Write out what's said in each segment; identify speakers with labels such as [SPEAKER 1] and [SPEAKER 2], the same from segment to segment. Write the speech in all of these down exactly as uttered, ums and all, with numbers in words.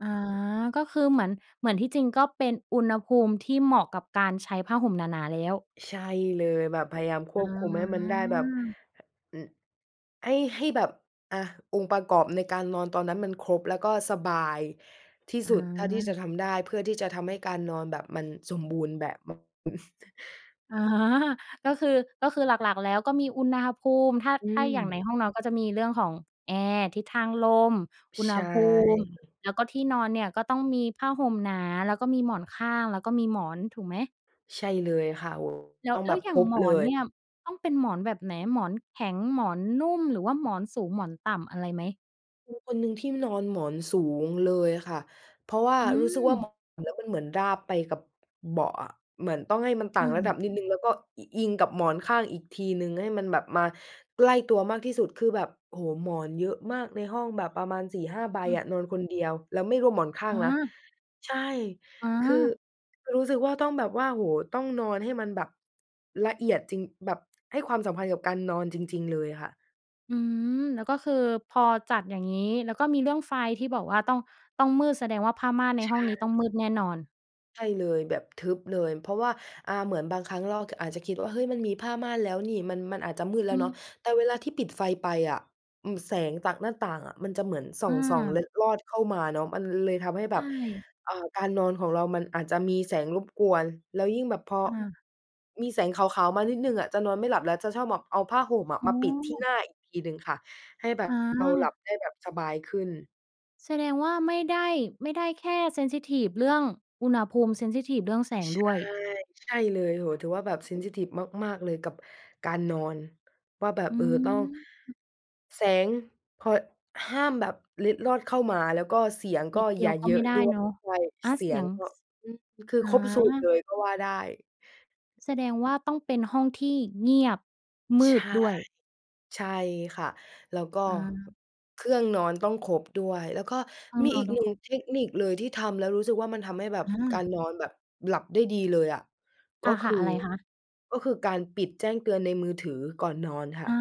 [SPEAKER 1] อา ก็คือเหมือน เหมือนที่จริงก็เป็นอุณหภูมิที่เหมาะกับการใช้ผ้าห่มหนา ๆ แล้ว
[SPEAKER 2] ใช่เลยแบบพยายามคว
[SPEAKER 1] อ
[SPEAKER 2] บคุมให้มันได้แบบ
[SPEAKER 1] า
[SPEAKER 2] อ ให้ ให้แบบ อา องค์ประกอบในการนอนตอนนั้นมันครบ แล้วก็สบายที่
[SPEAKER 1] อ
[SPEAKER 2] สุดเท่าที่จะ
[SPEAKER 1] า
[SPEAKER 2] ทำได้ เพื่อที่จะทำให้การนอนแบบมันสมบูรณ์แบบ อือ
[SPEAKER 1] อา ก็คือ ก็คือหลัก ๆ แล้วก็มีอุณหภูมิ ถ้า
[SPEAKER 2] อื
[SPEAKER 1] ถ้าอย่างใน
[SPEAKER 2] ม
[SPEAKER 1] ห้องนอนก็จะมีเรื่องของแอร์ ทิศทางลม อุณ
[SPEAKER 2] ใ
[SPEAKER 1] ห
[SPEAKER 2] ช่
[SPEAKER 1] ภูมิ แล้วก็ที่นอนเนี่ยก็ต้องมีผ้าห่มหนา แล้วก็มีหมอนข้าง แล้วก็มีหมอนถูกไหม?
[SPEAKER 2] ใช่เลยค่ะ โอ้
[SPEAKER 1] แล้
[SPEAKER 2] ต
[SPEAKER 1] ว
[SPEAKER 2] ้อง
[SPEAKER 1] แ
[SPEAKER 2] แ
[SPEAKER 1] ล้
[SPEAKER 2] บ
[SPEAKER 1] ว
[SPEAKER 2] บ
[SPEAKER 1] อย
[SPEAKER 2] ค
[SPEAKER 1] ่าง
[SPEAKER 2] รบ
[SPEAKER 1] หม
[SPEAKER 2] เล
[SPEAKER 1] อน
[SPEAKER 2] ย
[SPEAKER 1] เนี่ยต้องเป็นหมอนแบบไหน หมอนแข็ง หมอนนุ่ม หรือว่าหมอนสูง หมอนต่ำอะไรไหม?
[SPEAKER 2] เป็นคนหนึ่งที่นอนหมอนสูงเลยค่ะ เพราะว่า
[SPEAKER 1] อื
[SPEAKER 2] รู้สึกว่าน
[SPEAKER 1] ม
[SPEAKER 2] อนแล้วมันเหมือนราบไปกับ เบาะอะ เหมือนต้องให้มันต่
[SPEAKER 1] อ
[SPEAKER 2] า
[SPEAKER 1] ื
[SPEAKER 2] งระ
[SPEAKER 1] ม
[SPEAKER 2] ดับนิดหนึ่ง แล้วก็ อิ อิงกับหมอนข้างอีกทีหนึ่ง ให้มันแบบมาใกล้ตัวมากที่สุด คือแบบ โอ้โฮ หมอนเยอะมากในห้องแบบประมาณ สี่ห้า ใบ
[SPEAKER 1] อื
[SPEAKER 2] อ
[SPEAKER 1] ม
[SPEAKER 2] ะ นอนคนเดียวแล้วไม่รวมหมอนข้าง
[SPEAKER 1] อ
[SPEAKER 2] นะ
[SPEAKER 1] า
[SPEAKER 2] ใช่
[SPEAKER 1] อ
[SPEAKER 2] คือ
[SPEAKER 1] า
[SPEAKER 2] คือรู้สึกว่าต้องแบบว่า โอ้โฮ ต้องนอนให้มันแบบละเอียดจริง แบบ ให้ความสัมพันธ์กับการนอนจริง ๆ เลยค่ะ
[SPEAKER 1] อืม แล้วก็คือพอจัดอย่างงี้ แล้วก็มีเรื่องไฟที่บอกว่าต้อง ต้องมืด แสดงว่าผ้าม่านใน
[SPEAKER 2] ใช
[SPEAKER 1] ห้องนี้ต้
[SPEAKER 2] ่
[SPEAKER 1] องมืดแน่นอน
[SPEAKER 2] ใช่เลย แบบทึบเลย เพราะว่า อ่า เหมือนบางครั้งเรา ท อาจจะคิดว่า เฮ้ย มันมีผ้าม่านแล้วนี่ มัน มันอาจจะมืดแล้
[SPEAKER 1] อื
[SPEAKER 2] วเนาะ
[SPEAKER 1] ม
[SPEAKER 2] แต่เวลาที่ปิดไฟไปอะ อืม แสงจากหน้าต่างมันจะเหมือน ส่อ
[SPEAKER 1] อ
[SPEAKER 2] ง ส่อง เล
[SPEAKER 1] า
[SPEAKER 2] ็ดรอดเข้ามาเนาะ มันเลยทำให้แ
[SPEAKER 1] ใ
[SPEAKER 2] บ
[SPEAKER 1] ช
[SPEAKER 2] บ
[SPEAKER 1] ่
[SPEAKER 2] อ่า การนอนของเรามันอาจจะมีแสงรบกวน แล้วยิ่งแบบพอ
[SPEAKER 1] อา
[SPEAKER 2] มีแสงขาว ๆ มานิดหนึ่งอะจะนอนไม่หลับแล้ว จะชอบแบบเอาผ้าห่ม
[SPEAKER 1] โอ
[SPEAKER 2] มาปิดที่ห
[SPEAKER 1] ้
[SPEAKER 2] น้าอีกทีหนึ่งค่ะ ให้แบบ
[SPEAKER 1] อ
[SPEAKER 2] เราหลั
[SPEAKER 1] า
[SPEAKER 2] บได้แบบสบายขึ้น
[SPEAKER 1] แสดงว่า ไม่ได้ ไม่ได้แค่ เซนซิทิฟ เรื่องอุณหภูมิ เซนซิทิฟ เรื่องแสง
[SPEAKER 2] ใช
[SPEAKER 1] ด้
[SPEAKER 2] ่
[SPEAKER 1] วย
[SPEAKER 2] ใช่เลย โอ้โฮ ถือว่าแบบ เซนซิทิฟ มาก ๆ เลยกับการนอน ว่าแบบ
[SPEAKER 1] อื
[SPEAKER 2] เออ ต้อง
[SPEAKER 1] ม
[SPEAKER 2] แสงพอ ห้ามแบบเล็ดรอดเข้ามา แล้วก็เสียงก
[SPEAKER 1] น
[SPEAKER 2] ็
[SPEAKER 1] ิดเดี
[SPEAKER 2] อย
[SPEAKER 1] ย
[SPEAKER 2] ่า
[SPEAKER 1] วก็
[SPEAKER 2] เยอ
[SPEAKER 1] ไม่
[SPEAKER 2] ะ
[SPEAKER 1] ได
[SPEAKER 2] ด
[SPEAKER 1] ้
[SPEAKER 2] ้วย
[SPEAKER 1] เนาะ
[SPEAKER 2] ใช่
[SPEAKER 1] อา
[SPEAKER 2] เส
[SPEAKER 1] เ
[SPEAKER 2] ี
[SPEAKER 1] สี
[SPEAKER 2] ยง
[SPEAKER 1] ยง
[SPEAKER 2] ก็
[SPEAKER 1] ส
[SPEAKER 2] อือ คือ
[SPEAKER 1] อา
[SPEAKER 2] ครบ สูตรเลยก็ว่าได้
[SPEAKER 1] แสดงว่าต้องเป็นห้องที่เงียบ ม
[SPEAKER 2] ใช
[SPEAKER 1] ืด
[SPEAKER 2] ่
[SPEAKER 1] ด้วย
[SPEAKER 2] ใช่ค่ะ แล้วก็
[SPEAKER 1] อา
[SPEAKER 2] เครื่องนอนต้องครบด้วย แล้วก็
[SPEAKER 1] ห้อง
[SPEAKER 2] มี
[SPEAKER 1] น
[SPEAKER 2] อ
[SPEAKER 1] อ
[SPEAKER 2] ี
[SPEAKER 1] น
[SPEAKER 2] ก
[SPEAKER 1] ต้
[SPEAKER 2] ห
[SPEAKER 1] อ
[SPEAKER 2] น
[SPEAKER 1] ง
[SPEAKER 2] ึ่
[SPEAKER 1] ค
[SPEAKER 2] ง
[SPEAKER 1] รบ
[SPEAKER 2] เทคนิคเลยที่ทำแล้วรู้สึกว่ามันทำให้แบบ
[SPEAKER 1] อ
[SPEAKER 2] กา
[SPEAKER 1] า
[SPEAKER 2] รนอนหลับได้ดีเลยอะ ก
[SPEAKER 1] ค
[SPEAKER 2] ็ค
[SPEAKER 1] ่ะ
[SPEAKER 2] ือ
[SPEAKER 1] ๆ อะไรคะ?
[SPEAKER 2] ก็คือการปิดแจ้งเตือนในมือถือก่อนนอนค่
[SPEAKER 1] อา
[SPEAKER 2] ะ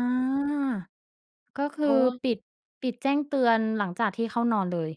[SPEAKER 1] ก็ค
[SPEAKER 2] เพ
[SPEAKER 1] ื
[SPEAKER 2] รา
[SPEAKER 1] อ
[SPEAKER 2] ะว่า
[SPEAKER 1] ปิด ปิดแจ้งเตือนหลังจากที่เข้านอนเลย